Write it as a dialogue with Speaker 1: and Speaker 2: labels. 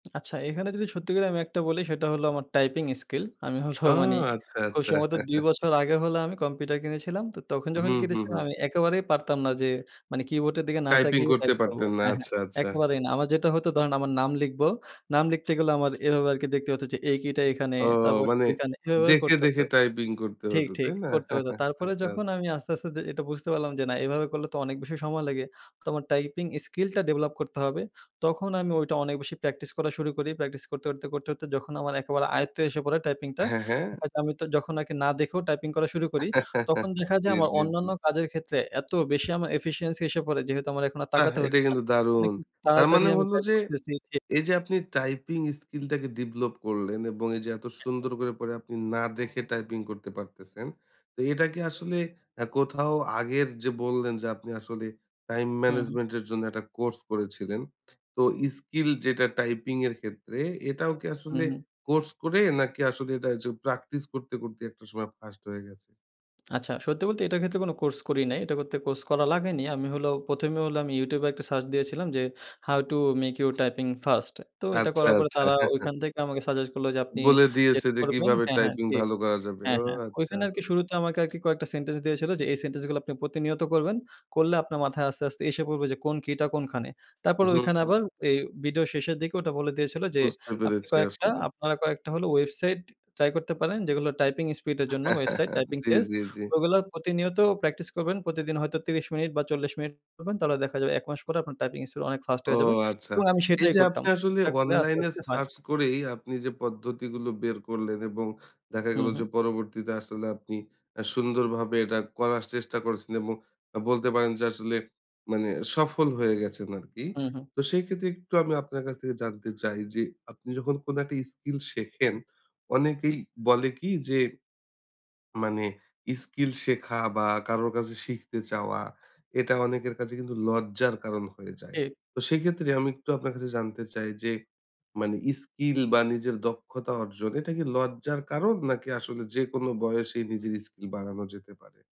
Speaker 1: আচ্ছা এখানে যদি সত্যি করে আমি একটা বলি সেটা হল আমার টাইপিং স্কিল আমি হল
Speaker 2: ও!
Speaker 1: মানে
Speaker 2: আচ্ছা,
Speaker 1: খুব
Speaker 2: আচ্ছা।
Speaker 1: সম্ভবত ২ বছর আগে হল আমি কম্পিউটার কিনেছিলাম তো তখন যখন
Speaker 2: হুম, হুম,
Speaker 1: কিনেছিলাম
Speaker 2: হুম।
Speaker 1: আমি একেবারেই পারতাম না যে মানে কিবোর্ডের দিকে না
Speaker 2: টাইপিং
Speaker 1: তাকিয়েই
Speaker 2: করতে
Speaker 1: টাইপ করব
Speaker 2: পারতেন না।
Speaker 1: হ্যা, হ্যা
Speaker 2: আচ্ছা, আচ্ছা।
Speaker 1: একেবারেই না, আমার যেটা হতো ধরেন আমার নাম লিখবো নাম লিখতে গেলেও আমার এভাবে আর কি দেখতে হত যে এই কী টা এখানে
Speaker 2: ও
Speaker 1: তারপর
Speaker 2: মানে
Speaker 1: ওইখানে এভাবে
Speaker 2: দেখে,
Speaker 1: করতে
Speaker 2: দেখে
Speaker 1: হতো
Speaker 2: টাইপিং করতে
Speaker 1: ঠিক,
Speaker 2: হত,
Speaker 1: ঠিক
Speaker 2: তাই না?
Speaker 1: করতে হতো। তারপরে
Speaker 2: আচ্ছা,
Speaker 1: যখন
Speaker 2: আচ্ছা।
Speaker 1: আমি আস্তে, আস্তে দে এটা বুঝতে পারলাম যে না এভাবে করলে তো অনেক বেশি সময় লেগে, তো আমার টাইপিং স্কিলটা ডেভেলপ করতে হবে। তখন আমি ওইটা অনেক বেশি প্র্যাকটিস করা শুরু করি, প্র্যাকটিস করতে, করতে, করতে, করতে যখন আমার একেবারে আয়ত্তে এসে পড়ে টাইপিংটা
Speaker 2: হ্যা, হ্যা।
Speaker 1: হয়তো আমি তো যখন আরকি না দেখেও টাইপিং করা শুরু করি তখন দেখা যায়
Speaker 2: জী,
Speaker 1: আমার
Speaker 2: জী,
Speaker 1: অন্যান্য
Speaker 2: জী।
Speaker 1: কাজের ক্ষেত্রে এত বেশি আমার এফিসিয়েন্সি এসে পড়ে। যেহেতু আমার এখন আর
Speaker 2: বাহ!
Speaker 1: তাকাতে
Speaker 2: এটা
Speaker 1: হচ্ছে না,
Speaker 2: কিন্তু
Speaker 1: মানে
Speaker 2: দারুণ। তার
Speaker 1: তাড়াতাড়ি
Speaker 2: মানে
Speaker 1: আমি
Speaker 2: হলো
Speaker 1: টাইপ
Speaker 2: যে,
Speaker 1: করতেছি, জী।
Speaker 2: এই যে আপনি টাইপিং স্কিল টাকে ডিভলপ করলেন এবং এই যে এত
Speaker 1: এ হ্যা।
Speaker 2: সুন্দর করে পরে আপনি না দেখে টাইপিং করতে পারতেছেন। তো এটা কি আসলে আ কোথাও আগের যে বললেন যে আপনি আসলে টাইম
Speaker 1: হুম, হুম।
Speaker 2: ম্যানেজমেন্ট এর জন্য একটা কোর্স করেছিলেন। তো স্কিল যেটা টাইপিং এর ক্ষেত্রে এটাও কি
Speaker 1: হুম,
Speaker 2: আসলে
Speaker 1: হুম।
Speaker 2: কোর্স করে, নাকি আসলে এটা ওইযে প্র্যাকটিস করতে, করতে একটা সময় ফাস্ট হয়ে গেছে?
Speaker 1: আচ্ছা সত্যি বলতে এটার ক্ষেত্রে কোন কোর্স করি নাই, এটা করতে কোর্স করা লাগেনি। আমি হলো ১ম এ হল আমি ইউটিউবে একটা সার্চ দিয়েছিলাম যে "how to make your typing first" তো এটা
Speaker 2: আচ্ছা,
Speaker 1: করার পরে
Speaker 2: আচ্ছা।
Speaker 1: তারা ঐখান থেকে আমাকে সাজেস্ট করলো যে আপনি
Speaker 2: বলে দিয়েছে
Speaker 1: যেটা
Speaker 2: যে
Speaker 1: করবেন
Speaker 2: কিভাবে
Speaker 1: হ্যা, হ্যা,
Speaker 2: টাইপিং
Speaker 1: জী
Speaker 2: ভালো করা যাবে,
Speaker 1: হ্যা,
Speaker 2: ও
Speaker 1: হ্যা।
Speaker 2: আচ্ছা!
Speaker 1: ওইখানে আরকি শুরুতে আমাকে আরকি কয়েকটা সেনটেন্স দিয়েছিলো যে এই সেন্টেন্সগুলো আপনি প্রতিনিয়ত করবেন, করলে আপনার মাথায় আস্তে, আস্তে এসে পড়বে কোন কি'টা কোনখানে। তারপর
Speaker 2: হুম,
Speaker 1: ঐখানে
Speaker 2: হুম।
Speaker 1: আবার এ ভিডিও শেষের দিকে ওটা বলে দিয়েছিল যে
Speaker 2: বুঝতে
Speaker 1: আপনি
Speaker 2: পেরেছি
Speaker 1: কয়েকটা,
Speaker 2: আসলে।
Speaker 1: আপনারা কয়েকটা হলো ওয়েবসাইট ট্রাই করতে পারেন যেগুলো টাইপিং স্পিডের জন্য ওয়েবসাইট, টাইপিং
Speaker 2: জী,
Speaker 1: টেস্ট
Speaker 2: জী, জী।
Speaker 1: ওইগুলা প্রতিনিয়ত প্র্যাকটিস করবেন। প্রতিদিন হয়তো ৩০ মিনিট বা ৪০ মিনিট করবেন, তাহলে দেখা যাবে ১ মাস পরে আপনার টাইপিং স্পিড অনেক ফাস্ট
Speaker 2: ও
Speaker 1: হয়ে যাবে
Speaker 2: আচ্ছা!
Speaker 1: এবং আমি
Speaker 2: এই
Speaker 1: সেটাই
Speaker 2: যে আপনি
Speaker 1: করতাম
Speaker 2: আসলে
Speaker 1: এটা করে আস্তে,
Speaker 2: অনলাইন এ
Speaker 1: আস্তে হয়।
Speaker 2: সার্চ করেই আপনি যে পদ্ধতিগুলো বের করলেন এবং দেখা গেল
Speaker 1: হুম,
Speaker 2: যে
Speaker 1: হুম।
Speaker 2: পরবর্তীতে আসলে আপনি আ সুন্দরভাবে এটা করার চেষ্টা করছেন এবং বলতে পারেন যে আসলে মানে সফল হয়ে গেছেন আরকি।
Speaker 1: হুম, হুম।
Speaker 2: তো সেই ক্ষেত্রে একটু আমি আপনার কাছ থেকে জানতে চাই যে, আপনি যখন কোন একটা স্কিল শেখেন অনেকেই বলে কি যে, মানে স্কিল শেখা বা কারোর কাছে শিখতে চাওয়া এটা অনেকের কাছে কিন্তু লজ্জার কারণ হয়ে যায়।
Speaker 1: জী।
Speaker 2: তো সেক্ষেত্রে আমি একটু আপনার কাছে জানতে চাই যে মানে স্কিল বা নিজের দক্ষতা অর্জন এটা কি লজ্জার কারণ নাকি আসলে যেকোনো বয়সেই নিজের স্কিল বাড়ানো যেতে পারে?